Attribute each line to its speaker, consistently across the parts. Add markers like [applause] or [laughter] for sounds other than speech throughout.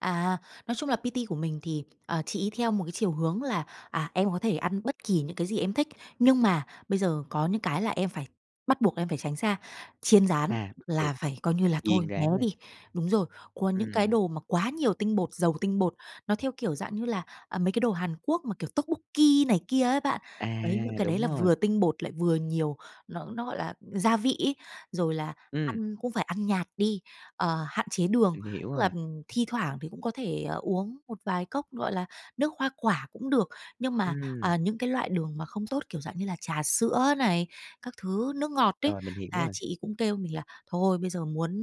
Speaker 1: À, nói chung là PT của mình thì, ờ, chị ấy theo một cái chiều hướng là, à: "Em có thể ăn bất kỳ những cái gì em thích, nhưng mà bây giờ có những cái là em phải bắt buộc em phải tránh xa, chiên rán
Speaker 2: À, bắt
Speaker 1: là
Speaker 2: buộc
Speaker 1: phải coi như là thôi,
Speaker 2: chiên
Speaker 1: né
Speaker 2: rán nè.
Speaker 1: đi." Đúng rồi, còn những cái
Speaker 2: Ừm.
Speaker 1: đồ mà quá nhiều tinh bột, giàu tinh bột, nó theo kiểu dạng như là, à, mấy cái đồ Hàn Quốc mà, kiểu, tokbokki này kia á bạn.
Speaker 2: À,
Speaker 1: Đấy, những cái đấy
Speaker 2: đúng
Speaker 1: là
Speaker 2: rồi.
Speaker 1: vừa tinh bột lại vừa nhiều nó nó gọi là gia vị ấy, rồi là
Speaker 2: Ừm.
Speaker 1: ăn cũng phải ăn nhạt đi, ờ, hạn chế đường.
Speaker 2: Mình hiểu
Speaker 1: Tức là,
Speaker 2: rồi.
Speaker 1: ừm, thi thoảng thì cũng có thể, à, uống một vài cốc, gọi là, nước hoa quả cũng được. Nhưng mà,
Speaker 2: Ừm.
Speaker 1: à, những cái loại đường mà không tốt, kiểu dạng như là, trà sữa này, các thứ nước ngọt đấy,
Speaker 2: Rồi mình hiểu
Speaker 1: à,
Speaker 2: rồi.
Speaker 1: chị ấy cũng kêu mình là "Thôi bây giờ muốn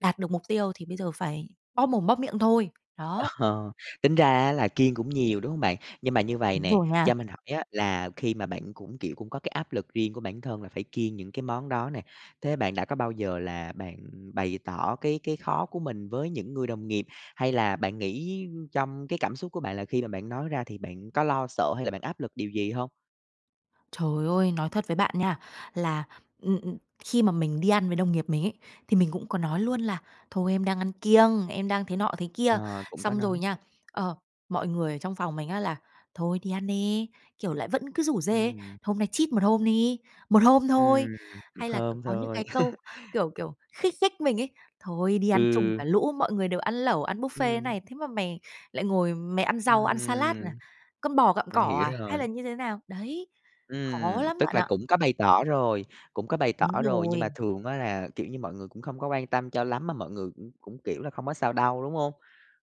Speaker 1: đạt được mục tiêu thì bây giờ phải bóp mồm bóp miệng thôi." đó.
Speaker 2: Ờ, tính ra á là kiêng cũng nhiều, đúng hông bạn? Nhưng mà như vầy
Speaker 1: Đúng
Speaker 2: nè,
Speaker 1: rồi
Speaker 2: cho
Speaker 1: nha.
Speaker 2: mình hỏi á là khi mà bạn cũng, kiểu, cũng có cái áp lực riêng của bản thân là phải kiêng những cái món đó nè, thế bạn đã có bao giờ là bạn bày tỏ cái cái khó của mình với những người đồng nghiệp? Hay là bạn nghĩ trong cái cảm xúc của bạn là khi mà bạn nói ra thì bạn có lo sợ hay là bạn áp lực điều gì hông?
Speaker 1: Trời ơi, nói thật với bạn nha, là, ừm, ừm, khi mà mình đi ăn với đồng nghiệp mình ấy, thì mình cũng có nói luôn là "Thôi em đang ăn kiêng, em đang thế nọ thế kia."
Speaker 2: Ờ, cũng có
Speaker 1: Xong rồi
Speaker 2: nói.
Speaker 1: nha, ờ, mọi người ở trong phòng mình á là "Thôi đi ăn đi" kiểu, lại vẫn cứ rủ rê:
Speaker 2: Ừm.
Speaker 1: "Hôm nay cheat một hôm đi, một hôm
Speaker 2: Ừm,
Speaker 1: thôi."
Speaker 2: 1
Speaker 1: Hay là, kiểu,
Speaker 2: hôm
Speaker 1: có những
Speaker 2: thôi.
Speaker 1: cái câu,
Speaker 2: [chuckles]
Speaker 1: kiểu, kiểu, khích khích mình ấy: "Thôi đi ăn chung
Speaker 2: Ừ.
Speaker 1: cả lũ, mọi người đều ăn lẩu, ăn buffet thế
Speaker 2: Ừm.
Speaker 1: này. Thế mà mày lại ngồi mày ăn rau, ăn salad à,
Speaker 2: Ừm.
Speaker 1: con bò gặm
Speaker 2: Mình
Speaker 1: cỏ
Speaker 2: hiểu
Speaker 1: à, hay
Speaker 2: rồi.
Speaker 1: là như thế nào?" Đấy, khó
Speaker 2: Ừm,
Speaker 1: lắm
Speaker 2: tức
Speaker 1: bạn
Speaker 2: là
Speaker 1: ạ.
Speaker 2: cũng có bày tỏ rồi, cũng có bày tỏ
Speaker 1: Đúng
Speaker 2: rồi, nhưng mà
Speaker 1: rồi.
Speaker 2: thường á là, kiểu như, mọi người cũng không có quan tâm cho lắm, mà mọi người cũng cũng, kiểu là, "hông có sao đâu" đúng hông?